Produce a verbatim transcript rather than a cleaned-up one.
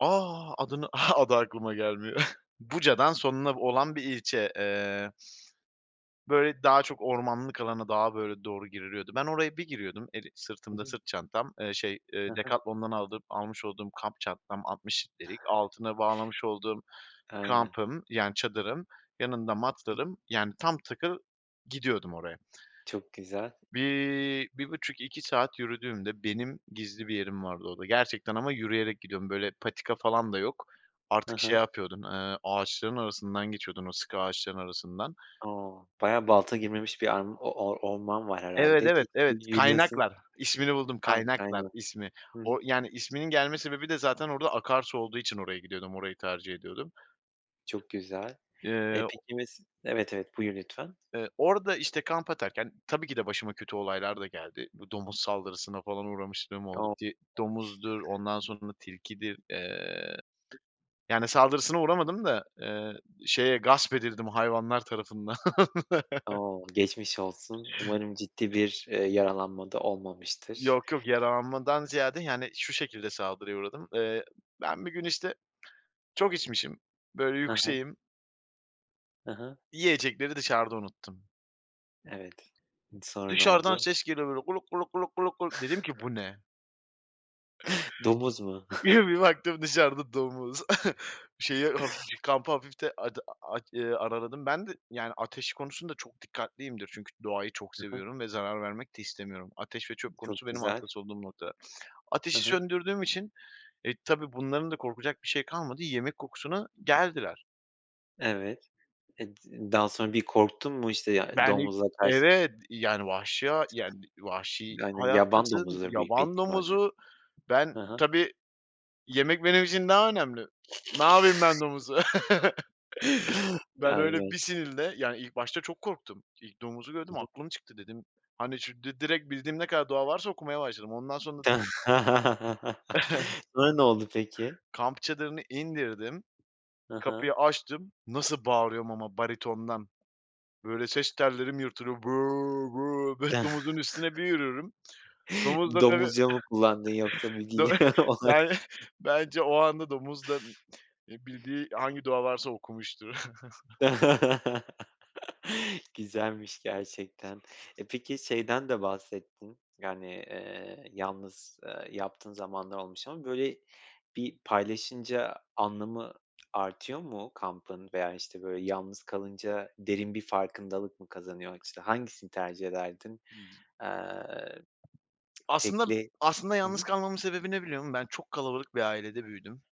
A! Adını adı aklıma gelmiyor. Buca'dan sonuna olan bir ilçe, eee. Böyle, daha çok ormanlık alana, daha, böyle, doğru giriliyordu. Ben oraya bir giriyordum, eli Hı sırtımda hı. sırt çantam, eee, şey, He eee, he. Decathlon'dan aldığım almış olduğum kamp çantam -altmış litrelik altına bağlamış olduğum Aynen. kampım, yani, çadırım, yanında [unintelligible] matlarım, yani tam takır gidiyordum oraya. Çok güzel. Bir bir buçuk, iki saat yürüdüğümde, benim gizli bir yerim vardı orada, gerçekten ama yürüyerek gidiyordum. Böyle patika falan da yok. Hı Artık şey hı. yapıyordum, eee, ağaçların arasından geçiyordum, o sıkı ağaçların arasından. O. Bayağı balta girmemiş bir ar o or orman var Evet, herhâlde evet, kesin evet, yürüyosun. "Kaynaklar". İsmini buldum Ha "Kaynaklar" kaynak. ismi. Hı hı. O, yani, isminin gelme sebebi de zaten orada akarsu olduğu için oraya gidiyordum orayı tercih ediyordum. Çok güzel. Eee, E o peki mes evet evet buyur lütfen. eee orada, işte ,kamp atarken, tabii ki de başıma kötü olaylar da geldi. Bu domuz saldırısına falan uğramışlığım oldu. O! Ti domuzdur, ondan sonra tilkidir. Eee, yani saldırısına uğramadım da, eee, şeye gasp edildim hayvanlar tarafından. O geçmiş olsun. Umarım ciddi bir, eee, yaralanma da olmamıştır. Yok yok yaralanmadan ziyade, yani, şu şekilde saldırıya uğradım. Eee, ben bir gün, işte, çok içmişim, böyle Hı hı. yükseğim. Hı hı. Yiyecekleri dışarıda unuttum. Evet. D sonra ne Dışarıdan oldu? ses geliyor böyle. Dedim ki, "Bu ne?" Domuz mu? Bir baktım dışarıda domuz. Şeyi, haf cı kampı hafifte ada aaa, aç eee, araladım. Ben de, yani, ateş konusunda çok dikkatliyimdir. Çünkü doğayı çok Hı hı. seviyorum ve zarar vermek de istemiyorum. Ateş ve çöp konusu Çok benim güzel. hassas olduğum noktalar. Hı Ateşi hı. söndürdüğüm için, eee, tabii bunların da korkacak bir şey kalmadı. Yemek kokusuna geldiler. Evet. Eee, d daha sonra bir korktun mu, işte, ya Ben ilk domuzla kars evet, yani, vahşi ha ya d vahşi Aynen, yaban hayattasın, domuzudur büyük bir yaban ihtimalle. domuzu. Ben Hı hı. tabii yemek benim için daha önemli. Napayım ben domuzu? Ben öyle Aynen. bir sinirle, yani, ilk başta çok korktum. İlk domuzu Hı gördüm hı. aklım çıktı. Dedim, hani, çü di direkt bildiğim ne kadar dua varsa okumaya başladım. Ondan sonra. Sonra ne oldu peki? Kamp çadırını indirdim, Hı hı. kapıyı açtım, nasıl bağırıyorum ama baritondan. Böyle ses tellerim yırtılıyor. "Bö bö bö" domuzun üstüne bir yürürüm. Domuz da tabii Domuzca mı kullandın yoksa bir dö dil olarak? ben bence o anda domuz da, eee, bildiği hangi dua varsa okumuştur. Güzelmiş gerçekten. E peki şeyden de bahsettin, yani, eee yalnız, eee, yaptığın zamanlar olmuş ama böyle bir paylaşınca anlamı artıyor mu kampın veya, hani, işte, böyle yalnız kalınca derin bir farkındalık mı kazanıyor o açıdan? Hangisini tercih ederdin? Eee, Aslında tekli aslında Hı yalnız hı. kalmamın sebebi ne biliyor musun? Ben çok kalabalık bir ailede büyüdüm.